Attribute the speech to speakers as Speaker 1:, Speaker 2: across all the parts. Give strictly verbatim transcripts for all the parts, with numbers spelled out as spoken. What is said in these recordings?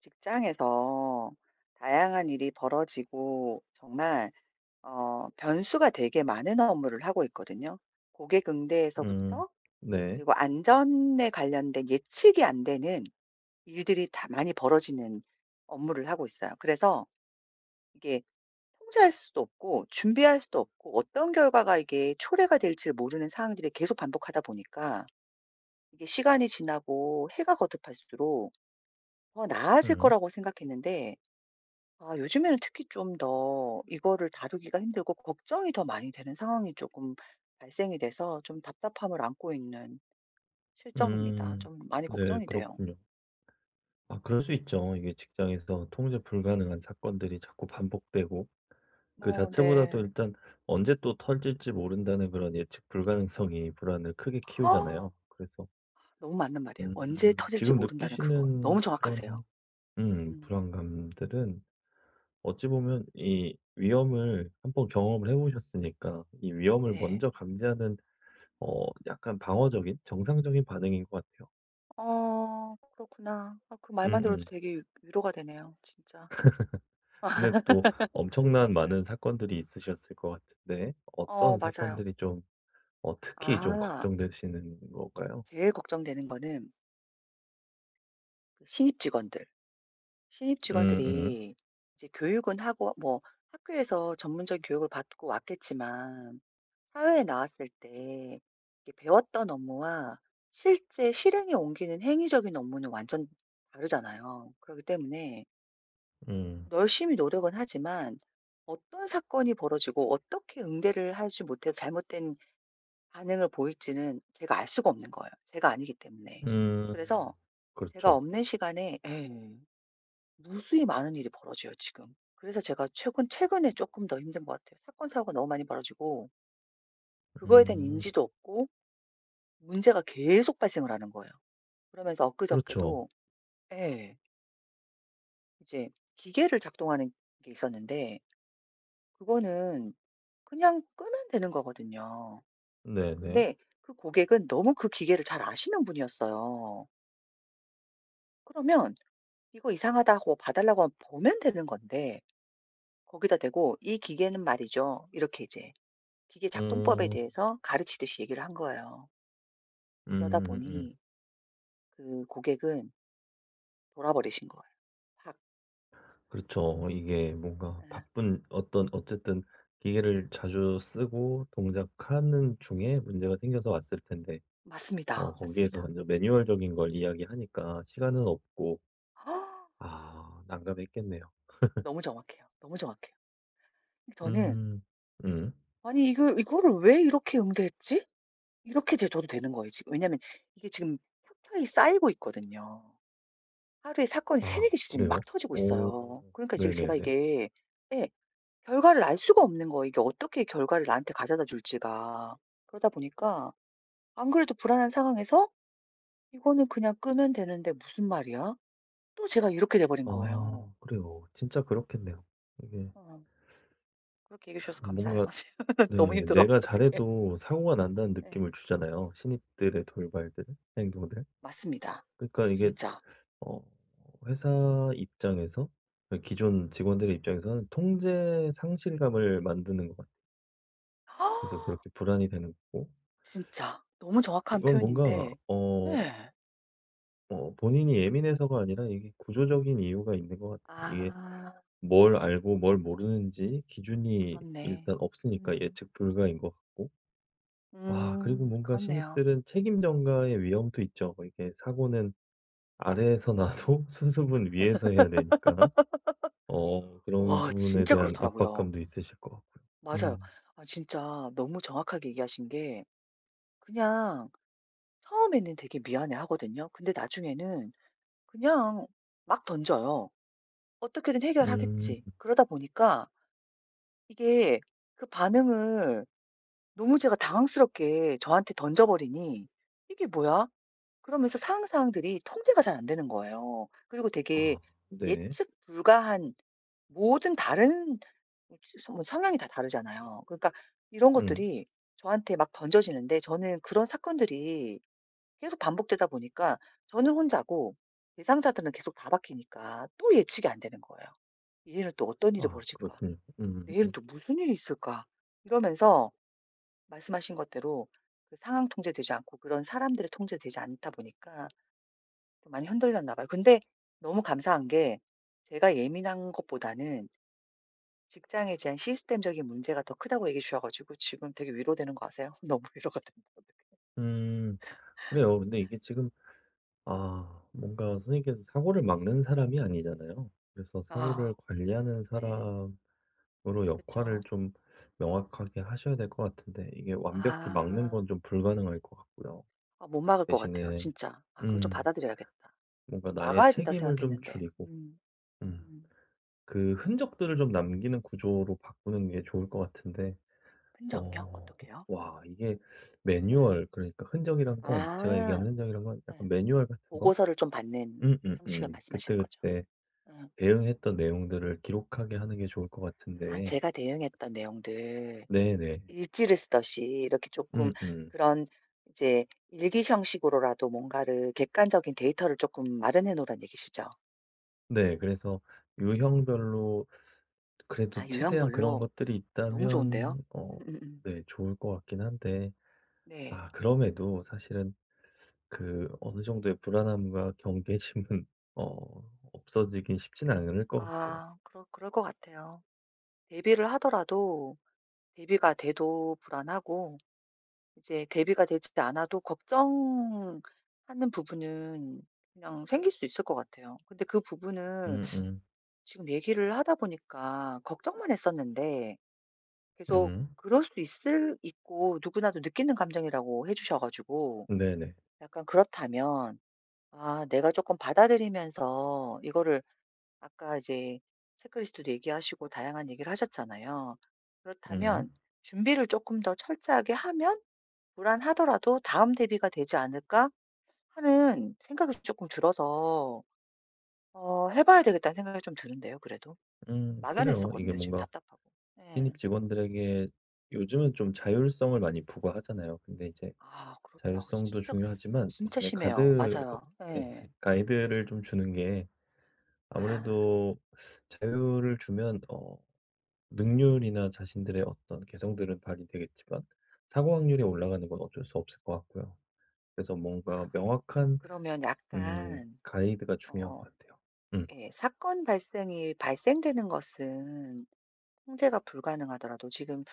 Speaker 1: 직장에서 다양한 일이 벌어지고 정말 어 변수가 되게 많은 업무를 하고 있거든요. 고객
Speaker 2: 음.
Speaker 1: 응대에서부터
Speaker 2: 네.
Speaker 1: 그리고 안전에 관련된 예측이 안 되는 일들이 다 많이 벌어지는 업무를 하고 있어요. 그래서 이게 통제할 수도 없고 준비할 수도 없고 어떤 결과가 이게 초래가 될지를 모르는 상황들이 계속 반복하다 보니까 이게 시간이 지나고 해가 거듭할수록 더 나아질
Speaker 2: 음.
Speaker 1: 거라고 생각했는데 아 요즘에는 특히 좀 더 이거를 다루기가 힘들고 걱정이 더 많이 되는 상황이 쪼금 발생이 돼서 좀 답답함을 안고 있는 실정입니다.
Speaker 2: 음.
Speaker 1: 좀 많이
Speaker 2: 네
Speaker 1: 걱정이 돼요.
Speaker 2: 그렇군요. 아 그럴 수 있죠. 이게 직장에서 통제 불가능한 사건들이 자꾸 반복되고 그
Speaker 1: 어
Speaker 2: 자체보다도
Speaker 1: 네.
Speaker 2: 일단 '언제 또 터질지 모른다.'는 그런 예측 불가능성이 불안을 크게 키우잖아요. 그래서
Speaker 1: 너무 맞는 말이에요. '언제
Speaker 2: 음
Speaker 1: 터질지
Speaker 2: 지금
Speaker 1: 모른다.'는 그거
Speaker 2: 느끼시는
Speaker 1: 너무 정확하세요.
Speaker 2: 그런 음
Speaker 1: 음.
Speaker 2: 불안감들은 어찌 보면 이 위험을 한 번 경험을 해 보셨으니까 이 위험을
Speaker 1: 네.
Speaker 2: 먼저 감지하는 어 약간 방어적인 정상적인 반응인 거 같아요.
Speaker 1: 어 그렇구나. 아 그 말만 들어도
Speaker 2: 음음.
Speaker 1: 되게 위로가 되네요, 진짜.
Speaker 2: 근데 또 엄청난
Speaker 1: 음.
Speaker 2: 많은 사건들이 있으셨을 것 같은데
Speaker 1: 어
Speaker 2: 어떤
Speaker 1: 맞아요.
Speaker 2: 사건들이 좀 어 특히 좀
Speaker 1: 아.
Speaker 2: 걱정되시는 걸까요?
Speaker 1: 제일 걱정되는 거는 그 신입 직원들. 신입
Speaker 2: 음음.
Speaker 1: 직원들이 이제 교육은 하고 뭐 학교에서 전문적인 교육을 받고 왔겠지만 사회에 나왔을 때 이게 배웠던 업무와 실제 실행에 옮기는 행위적인 업무는 완전 다르잖아요. 그러기 때문에
Speaker 2: 음.
Speaker 1: 열심히 노력은 하지만 어떤 사건이 벌어지고 어떻게 응대를 하지 못해 잘못된 반응을 보일지는 제가 알 수가 없는 거예요, 제가 아니기 때문에.
Speaker 2: 음
Speaker 1: 그래서 제가
Speaker 2: 그렇죠.
Speaker 1: 없는 시간에 예. 무수히 많은 일이 벌어져요, 지금. 그래서 제가 최근 최근에 쪼끔 더 힘든 것 같아요. 사건 사고가 너무 많이 벌어지고 그거에 대한
Speaker 2: 음.
Speaker 1: 인지도 없고 문제가 계속 발생을 하는 거예요. 그러면서
Speaker 2: 그렇죠.
Speaker 1: 엊그저께도 예. 이제 기계를 작동하는 게 있었는데 그거는 그냥 끄면 되는 거 거든요.
Speaker 2: 네 네.
Speaker 1: 근데 그 고객은 너무 그 기계를 잘 아시는 분이었어요. 그러면 "이거 이상하다." 하고 봐 달라고 하면 보면 되는 건데 거기다 대고 "이 기계는 말이죠." 이렇게 이제 기계 작동법에
Speaker 2: 음.
Speaker 1: 대해서 가르치듯이 얘기를 한 거예요. 그러다
Speaker 2: 음 으음.
Speaker 1: 보니 그 고객은 돌아버리신 거예요 확.
Speaker 2: 그렇죠. 어 이게 뭔가
Speaker 1: 예.
Speaker 2: 바쁜 어떤 어쨌든 기계를 자주 쓰고 동작하는 중에 문제가 생겨서 왔을 텐데 어
Speaker 1: 맞습니다.
Speaker 2: 거기에서
Speaker 1: 맞습니다.
Speaker 2: 완전 매뉴얼적인 걸 이야기하니까 시간은 없고 아 난감했겠네요.
Speaker 1: 너무 정확해요. 너무 정확해요. 저는
Speaker 2: 음. 음.
Speaker 1: '아니 이걸 이거를 왜 이렇게 응대했지?' 이렇게 제 저도 되는 거예요 지금. 왜냐하면 이게 지금 켜켜이 쌓이고 있거든요. 하루에 사건이 세네
Speaker 2: 아
Speaker 1: 개씩 지금 막
Speaker 2: 그래요?
Speaker 1: 터지고
Speaker 2: 오.
Speaker 1: 있어요. 그러니까 이제 제가
Speaker 2: 네네네.
Speaker 1: 이게 예 결과를 알 수가 없는 거예요. 이게 어떻게 결과를 나한테 가져다 줄지가. 그러다 보니까 안 그래도 불안한 상황에서 "이거는 그냥 끄면 되는데 무슨 말이야?" 또 제가 이렇게 돼 버린 거예요.
Speaker 2: 아 그래요. 진짜 그렇겠네요. 이게
Speaker 1: 어. 그렇게 얘기해주셔서
Speaker 2: 참
Speaker 1: 감사해요.
Speaker 2: 뭔가
Speaker 1: 어 지금 너무
Speaker 2: 네
Speaker 1: 힘들어.
Speaker 2: 내가
Speaker 1: 어떡해.
Speaker 2: 잘해도 사고가 난다는
Speaker 1: 예.
Speaker 2: 느낌을 주잖아요. 신입들의 돌발들, 행동들.
Speaker 1: 맞습니다.
Speaker 2: 그러니까 이게
Speaker 1: 진짜.
Speaker 2: 어 회사 입장에서 어 기존 직원들의 입장에서는 통제 상실감을 만드는 것 같 그래서 그렇게 불안이 되는 거고
Speaker 1: 진짜 너무 정확한
Speaker 2: 이건 뭔가
Speaker 1: 표현인데
Speaker 2: 어
Speaker 1: 예.
Speaker 2: 어 본인이 예민해서가 아니라 이게 구조적인 이유가 있는 것 같아요. 이게
Speaker 1: 아.
Speaker 2: 뭘 알고 뭘 모르는지 기준이
Speaker 1: 그렇네.
Speaker 2: 일단 없으니까
Speaker 1: 음.
Speaker 2: 예측 불가인 것 같고 아 그리고
Speaker 1: 음.
Speaker 2: 뭔가
Speaker 1: 그렇네요.
Speaker 2: 신입들은 책임 전가의 위험도 있죠. 뭐 이렇게 사고는 아래에서 나도 수습은 위에서 해야 되니까. 어 그런
Speaker 1: 와
Speaker 2: 부분에
Speaker 1: 진짜
Speaker 2: 대한
Speaker 1: 그렇더라고요.
Speaker 2: 압박감도 있으실 것 같고요.
Speaker 1: 맞아요.
Speaker 2: 음.
Speaker 1: 아 진짜 너무 정확하게 얘기하신 게 그냥 처음에는 되게 미안해하거든요. 근데 나중에는 그냥 막 던져요, 어떻게든
Speaker 2: 음.
Speaker 1: 해결하겠지. 그러다 보니까 이게 그 반응을 너무 제가 당황스럽게 저한테 던져 버리니 '이게 뭐야.' 그러면서 상황, 상황들이 통제가 잘 안되는 거예요. 그리고 되게
Speaker 2: 아 네.
Speaker 1: 예측 불가한 모든 다른 어 지 서 뭐 성향이 다 다르잖아요. 그러니까 이런
Speaker 2: 음.
Speaker 1: 것들이 저한테 막 던져지는데 저는 그런 사건들이 계속 반복되다 보니까 저는 혼자고 대상자들은 계속 다 바뀌니까 또 예측이 안 되는 거예요. '이제는 또 어떤 일이
Speaker 2: 아
Speaker 1: 벌어질까?
Speaker 2: 그렇군요. 음음.
Speaker 1: 내일은
Speaker 2: 음.
Speaker 1: 또 무슨 일이 있을까?' 이러면서 말씀하신 것대로 그 상황 통제되지 않고 그런 사람들이 통제되지 않다 보니까 좀 많이 흔들렸나 봐요. 근데 너무 감사한 게 제가 예민한 것보다는 직장에 대한 시스템적인 문제가 더 크다고 얘기해 주셔가지고 지금 되게 위로되는 거 아세요? 너무 위로가 된다, 어떡해.
Speaker 2: 음 그래요. 근데 이게 지금 아, 뭔가 선생님께서 사고를 막는 사람이 아니잖아요. 그래서 사고를
Speaker 1: 아.
Speaker 2: 관리하는
Speaker 1: 네.
Speaker 2: 사람으로
Speaker 1: 그쵸.
Speaker 2: 역할을 좀 명확하게 하셔야 될 것 같은데 이게 완벽히 막는
Speaker 1: 아.
Speaker 2: 건 좀 불가능할 것 같고요.
Speaker 1: 아 못 막을 것 같아요,
Speaker 2: 대신에
Speaker 1: 진짜. 아 그걸 좀
Speaker 2: 음.
Speaker 1: 받아들여야겠다.
Speaker 2: 뭔가 나의
Speaker 1: 막아야 된다
Speaker 2: 책임을 좀
Speaker 1: 생각했는데.
Speaker 2: 줄이고
Speaker 1: 음.
Speaker 2: 음
Speaker 1: 음.
Speaker 2: 그 흔적들을 좀 남기는 구조로 바꾸는 게 좋을 것 같은데
Speaker 1: 흔적요?
Speaker 2: 어,
Speaker 1: 어떻게요?
Speaker 2: 와 이게
Speaker 1: 예.
Speaker 2: 매뉴얼 그러니까 흔적이란 건, 제가
Speaker 1: 아.
Speaker 2: 얘기한 흔적이란 건
Speaker 1: 예.
Speaker 2: 약간 매뉴얼 같은 거?
Speaker 1: 보고서를 좀 받는 형식을
Speaker 2: 음음음.
Speaker 1: 말씀하시는 거죠?
Speaker 2: 그때그때
Speaker 1: 예.
Speaker 2: 대응했던 내용들을 기록하게 하는 게 좋을 것
Speaker 1: 아
Speaker 2: 같은데
Speaker 1: 제가 대응했던 내용들.
Speaker 2: 네네.
Speaker 1: 일지를 쓰듯이 이렇게 쪼끔
Speaker 2: 음음.
Speaker 1: 그런 이제 일기 형식으로라도 뭔가를 객관적인 데이터를 쪼끔 마련해 놓으란 얘기시죠?
Speaker 2: 네. 그래서 유형별로
Speaker 1: 아
Speaker 2: 그래도 최대한 그런
Speaker 1: 유형별로.
Speaker 2: 것들이
Speaker 1: 너무 좋은데요.
Speaker 2: 있다면 어
Speaker 1: 음음음.
Speaker 2: 네 좋을 것 같기는 한데
Speaker 1: 네.
Speaker 2: 아 그럼에도 사실은 그 어느 정도의 불안함과 경계심은 어 없어지기는 쉽지는 않을 것 같아요.
Speaker 1: 아. 그럴 그럴 것 같아요. 대비를 하더라도 대비가 돼도 불안하고 이제 대비가 되지도 않아도 걱정하는 부분은 그냥 생길 수 있을 것 같아요. 근데 그 부분을
Speaker 2: 음음.
Speaker 1: 지금 얘기를 하다 보니까 걱정만 했었는데 계속
Speaker 2: 음.
Speaker 1: 그럴 수 있을 있고 누구나도 느끼는 감정이라고 해 주셔 가지고
Speaker 2: 네네.
Speaker 1: 약간 그렇다면 아 내가 쪼끔 받아들이면서 이거를 아까 이제 체크리스트도 얘기하시고 다양한 얘기를 하셨잖아요.
Speaker 2: 음.
Speaker 1: 그렇다면 '준비를 쪼끔 더 철저하게 하면 불안하더라도 다음 대비가 되지 않을까.' 하는 생각이 쪼끔 들어서 어 해 봐야 되겠다는 생각이 좀 드는데요 그래도.
Speaker 2: 음 그래요. 이게
Speaker 1: 막연했었거든요 지금
Speaker 2: 뭔가
Speaker 1: 답답하고. 예.
Speaker 2: 신입 직원들에게 요즘은 좀 자율성을 많이 부과하잖아요. 근데 이제
Speaker 1: 아 그렇더라고.
Speaker 2: 자율성도
Speaker 1: 진짜,
Speaker 2: 중요하지만
Speaker 1: 진짜
Speaker 2: 대신에
Speaker 1: 심해요.
Speaker 2: 가드
Speaker 1: 맞아요.
Speaker 2: 예
Speaker 1: 예.
Speaker 2: 가이드를 좀 주는 게
Speaker 1: 아.
Speaker 2: 아무래도 자유를 주면 어 능률이나 자신들의 어떤 개성들은 발휘되겠지만 사고 확률이 올라가는 건 어쩔 수 없을 것 같고요. 그래서 뭔가 명확한
Speaker 1: 그러면
Speaker 2: 음
Speaker 1: 약간
Speaker 2: 가이드가 중요한 것
Speaker 1: 어
Speaker 2: 같아요. 음.
Speaker 1: 예 사건 발생이 발생되는 것은 통제가 불가능하더라도 지금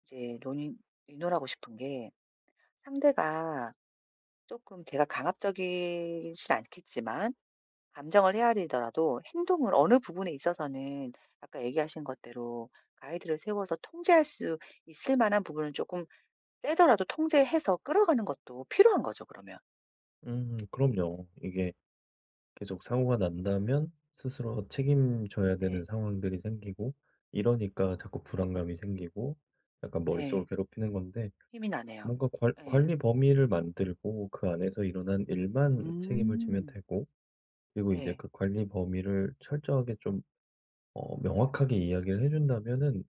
Speaker 1: 이제 논의 의논하고 싶은 게 상대가 쪼끔 제가 강압적이지는 않겠지만 감정을 헤아리더라도 행동을 어느 부분에 있어서는 아까 얘기하신 것대로 가이드를 세워서 통제할 수 있을 만한 부분을 쪼금 빼더라도 통제해서 끌어가는 것도 필요한 거죠 그러면.
Speaker 2: 음 그럼요. 이게 계속 사고가 난다면 스스로 책임져야 되는
Speaker 1: 네.
Speaker 2: 상황들이 생기고 이러니까 자꾸 불안감이 생기고 약간 머릿속을
Speaker 1: 네.
Speaker 2: 괴롭히는 건데
Speaker 1: 힘이 나네요.
Speaker 2: 뭔가 관
Speaker 1: 예.
Speaker 2: 관리 범위를 만들고 그 안에서 일어난 일만 책임을 지면
Speaker 1: 음.
Speaker 2: 되고 그리고 이제
Speaker 1: 네.
Speaker 2: 그 관리 범위를 철저하게 좀 어 명확하게 이야기를 해 준다면은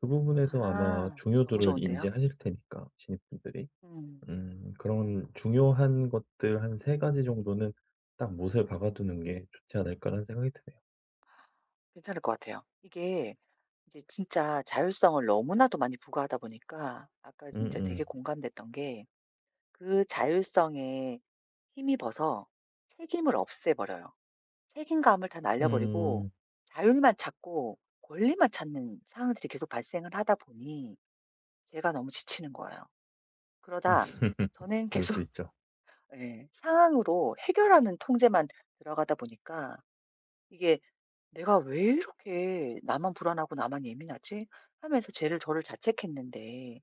Speaker 2: 그 부분에서 아마
Speaker 1: 아 너무
Speaker 2: 중요도를
Speaker 1: 좋은데요?
Speaker 2: 인지하실 테니까 신입분들이
Speaker 1: 음.
Speaker 2: 음 그런 중요한 것들 한 세 가지 정도는 '딱 못을 박아두는 게 좋지 않을까.'라는 생각이 드네요.
Speaker 1: 괜찮을 것 같아요. 이게 이제 진짜 자율성을 너무나도 많이 부과하다 보니까 아까 진짜 되게
Speaker 2: 음음.
Speaker 1: 공감됐던 게 그 자율성에 힘입어서 책임을 없애 버려요. 책임감을 다 날려 버리고
Speaker 2: 음.
Speaker 1: 자율만 찾고 권리만 찾는 상황들이 계속 발생을 하다 보니 제가 너무 지치는 거예요. 그러다 저는
Speaker 2: 그럴 수
Speaker 1: 계속
Speaker 2: 있죠.
Speaker 1: 예 상황으로 해결하는 통제만 들어가다 보니까 이게 '내가 왜 이렇게 나만 불안하고 나만 예민하지?' 하면서 쟤를 저를 자책했는데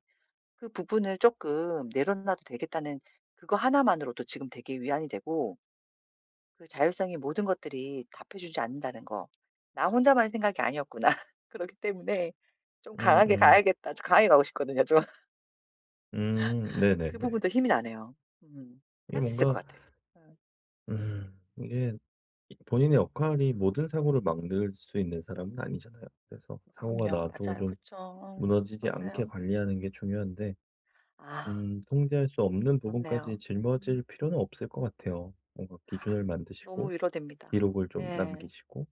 Speaker 1: '그 부분을 쪼끔 내려놔도 되겠다.'는 그거 하나만으로도 지금 되게 위안이 되고 그 자율성의 모든 것들이 답해주지 않는다는 거. '나 혼자만의 생각이 아니었구나. 그렇기 때문에 좀 강하게
Speaker 2: 음음.
Speaker 1: 가야겠다.' 좀 강하게 가고 싶거든요 좀.
Speaker 2: 음
Speaker 1: 그
Speaker 2: 네네네.
Speaker 1: 부분도 힘이 나네요. 음.
Speaker 2: 이게
Speaker 1: 할 수 있을 것
Speaker 2: 뭔가
Speaker 1: 같아요. 예.
Speaker 2: 음 이게 이 본인의 역할이 모든 사고를 막을 수 있는 사람은 아니잖아요. 그래서
Speaker 1: 음
Speaker 2: 사고가
Speaker 1: 그럼요.
Speaker 2: 나도
Speaker 1: 맞아요.
Speaker 2: 좀
Speaker 1: 그쵸. 어
Speaker 2: 무너지지 않게
Speaker 1: 맞아요.
Speaker 2: 관리하는 게 중요한데
Speaker 1: 아.
Speaker 2: 음 통제할 수 없는 부분까지
Speaker 1: 그렇네요.
Speaker 2: 짊어질 필요는 없을 것 같아요. 뭔가 기준을
Speaker 1: 너무
Speaker 2: 만드시고
Speaker 1: 위로됩니다.
Speaker 2: 기록을 좀
Speaker 1: 예.
Speaker 2: 남기시고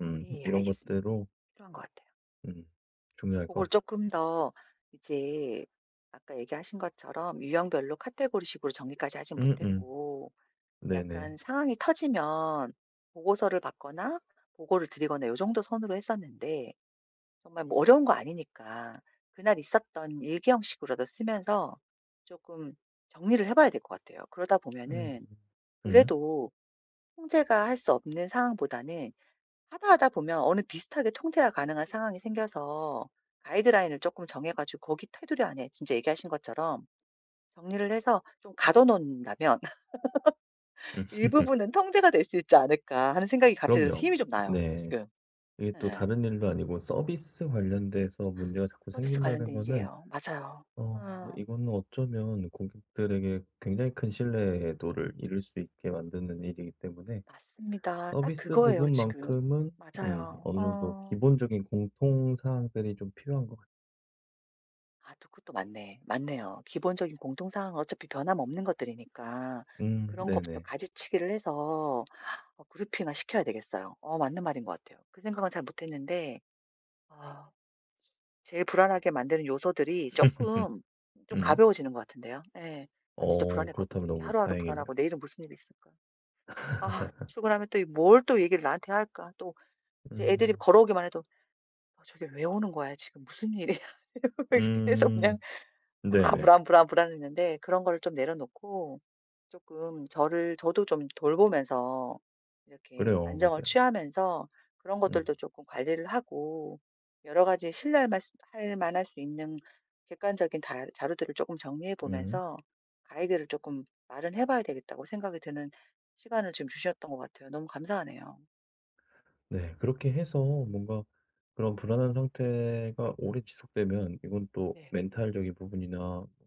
Speaker 2: 음
Speaker 1: 예
Speaker 2: 이런
Speaker 1: 알겠습니다.
Speaker 2: 것대로
Speaker 1: 필요한 것 같아요.
Speaker 2: 음. 중요할 것
Speaker 1: 고걸
Speaker 2: 같습니다.
Speaker 1: 쪼끔 더 이제 아까 얘기하신 것처럼 유형별로 카테고리 식으로 정리까지 하진
Speaker 2: 응응.
Speaker 1: 못했고
Speaker 2: 네네.
Speaker 1: 약간 상황이 터지면 보고서를 받거나 보고를 드리거나 요 정도 선으로 했었는데 정말 뭐 어려운 거 아니니까 그날 있었던 일기 형식으로도 쓰면서 쪼끔 정리를 해 봐야 될 것 같아요. 그러다
Speaker 2: 음
Speaker 1: 보면은
Speaker 2: 음.
Speaker 1: 그래도 통제가 할 수 없는 상황보다는 하다 하다 보면 어느 비슷하게 통제가 가능한 상황이 생겨서 가이드라인을 쪼끔 정해 가지고 거기 테두리 안에 진짜 얘기하신 것처럼 정리를 해서 좀 가둬 놓는다면
Speaker 2: 음.
Speaker 1: '일부분은 통제가 될 수 있지 않을까.' 하는 생각이 갑자기 들어서
Speaker 2: 그럼요.
Speaker 1: 힘이 좀 나요
Speaker 2: 네.
Speaker 1: 지금.
Speaker 2: 이게 또
Speaker 1: 예.
Speaker 2: 다른 일도 아니고 서비스 관련돼서 문제가 자꾸
Speaker 1: 서비스
Speaker 2: 생긴다는
Speaker 1: 관련된
Speaker 2: 거는
Speaker 1: 일이에요. 맞아요.
Speaker 2: 어
Speaker 1: 어.
Speaker 2: 이거는 어쩌면 고객들에게 굉장히 큰 신뢰도를 잃을 수 있게 만드는 일이기 때문에
Speaker 1: 맞습니다. 딱
Speaker 2: 서비스
Speaker 1: 그거예요 지금.
Speaker 2: 부분만큼은 음
Speaker 1: 맞아요.
Speaker 2: 어느 정도
Speaker 1: 어.
Speaker 2: 기본적인 공통 사항들이 좀 필요한 것 같
Speaker 1: 아 또 그것도 맞네. 맞네요. 기본적인 공통 사항은 어차피 변함없는 것들이니까
Speaker 2: 음
Speaker 1: 그런 것부터
Speaker 2: 네네.
Speaker 1: 가지치기를 해서 어 그룹핑화 시켜야 되겠어요. 어 맞는 말인 것 같아요. 그 생각은 잘 못했는데 아 제일 불안하게 만드는 요소들이 쪼끔 좀
Speaker 2: 응.
Speaker 1: 가벼워지는 것 같은데요. 예. 아 진짜
Speaker 2: 어
Speaker 1: 불안했거든요.
Speaker 2: 그렇다면
Speaker 1: 이게
Speaker 2: 너무
Speaker 1: 하루하루
Speaker 2: 다행이네요.
Speaker 1: 불안하고 '내일은 무슨 일이 있을까? 아 출근하면 또 이 뭘 또 얘기를 나한테 할까?' 또 이제 애들이
Speaker 2: 음.
Speaker 1: 걸어오기만 해도 '저게 왜 오는 거야. 지금 무슨 일이야?' 이러면서 계속 그냥
Speaker 2: 음.
Speaker 1: 아
Speaker 2: 네네.
Speaker 1: 불안, 불안, 불안했는데 그런 거를 좀 내려놓고 쪼끔 저를 저도 좀 돌보면서 이렇게
Speaker 2: 그래요
Speaker 1: 안정을
Speaker 2: 맞아요.
Speaker 1: 취하면서 그런
Speaker 2: 음.
Speaker 1: 것들도 쪼끔 관리를 하고 여러 가지 신뢰할 맛 할 만할 수 있는 객관적인 달 자료들을 쪼끔 정리해
Speaker 2: 음.
Speaker 1: 보면서 '가이드를 쪼끔 마련해 봐야 되겠다.'고 생각이 드는 시간을 지금 주셨던 것 같아요. 너무 감사하네요.
Speaker 2: 네 그렇게 해서 뭔가 그런 불안한 상태가 오래 지속되면 이건 또
Speaker 1: 네.
Speaker 2: 멘탈적인 부분이나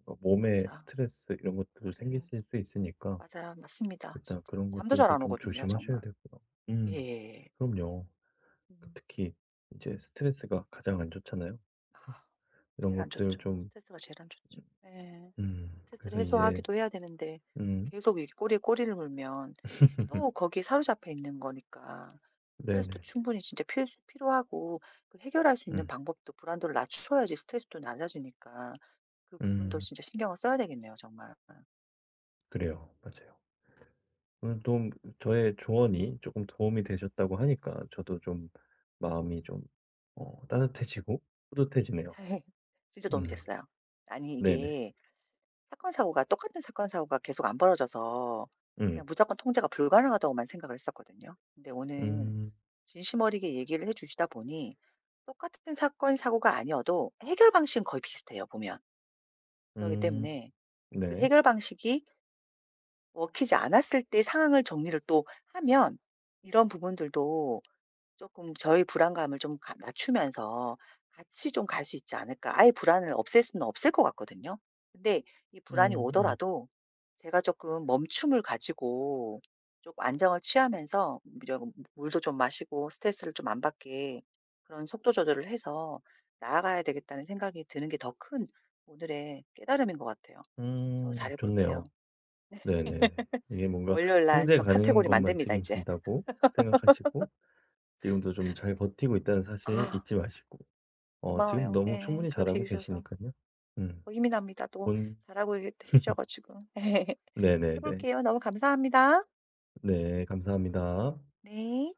Speaker 2: 어 몸에
Speaker 1: 맞아.
Speaker 2: 스트레스 이런 것들
Speaker 1: 그래.
Speaker 2: 생기실 수 있으니까
Speaker 1: 맞아요. 맞습니다
Speaker 2: 일단
Speaker 1: 진짜.
Speaker 2: 그런
Speaker 1: 잠도 잘
Speaker 2: 것들도
Speaker 1: 안
Speaker 2: 좀
Speaker 1: 오거든요
Speaker 2: 조심하셔야
Speaker 1: 정말.
Speaker 2: 되고요. 음
Speaker 1: 예예예.
Speaker 2: 그럼요. 그
Speaker 1: 음.
Speaker 2: 특히 이제 스트레스가 가장 안 좋잖아요. 그래서
Speaker 1: 아
Speaker 2: 이런
Speaker 1: 제일 안
Speaker 2: 것들
Speaker 1: 좋죠.
Speaker 2: 좀
Speaker 1: 스트레스가 제일 안 좋죠. 예.
Speaker 2: 음. 음.
Speaker 1: 스트레스를
Speaker 2: 그래서 이제
Speaker 1: 해소하기도 해야 되는데
Speaker 2: 음.
Speaker 1: 계속 이렇게 꼬리에 꼬리를 물면 또 거기에 사로잡혀 있는 거니까 스트레스도
Speaker 2: 네네네.
Speaker 1: 충분히 진짜 필수 필요하고 그 해결할 수 있는
Speaker 2: 음.
Speaker 1: 방법도 불안도를 낮춰야지 스트레스도 낮아지니까 그 부분도
Speaker 2: 음.
Speaker 1: 진짜 신경을 써야 되겠네요 정말. 응.
Speaker 2: 그래요. 맞아요. 오늘 도움 저의 조언이 쪼끔 도움이 되셨다고 하니까 저도 좀 마음이 좀 어 따뜻해지고 뿌듯해지네요.
Speaker 1: 진짜 도움이
Speaker 2: 음.
Speaker 1: 됐어요. 아니
Speaker 2: 네네.
Speaker 1: 이게 사건 사고가 똑같은 사건 사고가 계속 안 벌어져서
Speaker 2: 음.
Speaker 1: 그냥 무조건 통제가 불가능하다고만 생각을 했었거든요. 근데 오늘
Speaker 2: 음.
Speaker 1: 진심어리게 얘기를 해 주시다 보니 똑같은 사건 사고가 아니어도 해결 방식은 거의 비슷해요, 보면. 그러기
Speaker 2: 음.
Speaker 1: 때문에 그
Speaker 2: 네.
Speaker 1: 해결 방식이 먹히지 않았을 때 상황을 정리를 또 하면 이런 부분들도 '조금 저의 불안감을 좀 가 낮추면서 같이 좀 갈 수 있지 않을까.' 아예 불안을 없앨 수는 없을 것 같거든요. 근데 이 불안이
Speaker 2: 음음.
Speaker 1: 오더라도 제가 쪼끔 멈춤을 가지고 쪼금 안정을 취하면서 [unintelligible] 물도 좀 마시고 스트레스를 좀 안 받게 그런 '속도 조절을 해서 나아가야 되겠다.'는 생각이 드는 게 더 큰 오늘의 깨달음인 것 같아요. 저
Speaker 2: 음.
Speaker 1: 잘해 볼게요.
Speaker 2: 좋네요. 네네네. 이게 뭔가
Speaker 1: 월요일 날
Speaker 2: '통제
Speaker 1: 저
Speaker 2: 가능한
Speaker 1: 카테고리
Speaker 2: 것만
Speaker 1: 만듭니다 이제.
Speaker 2: 책임진다.'고 생각하시고 지금도 좀 잘 버티고 있다는 사실
Speaker 1: 아.
Speaker 2: 잊지 마시고. 어 지금
Speaker 1: 고마워요.
Speaker 2: 너무
Speaker 1: 예.
Speaker 2: 충분히
Speaker 1: 그렇게
Speaker 2: 잘하고
Speaker 1: 얘기해 주셔서.
Speaker 2: 계시니깐요. 음.
Speaker 1: 어 힘이 납니다. 또
Speaker 2: 본
Speaker 1: 잘하고 있다고 해 주셔 가지고. 해
Speaker 2: 네네네.
Speaker 1: 볼게요. 너무 감사합니다.
Speaker 2: 네. 감사합니다.
Speaker 1: 네.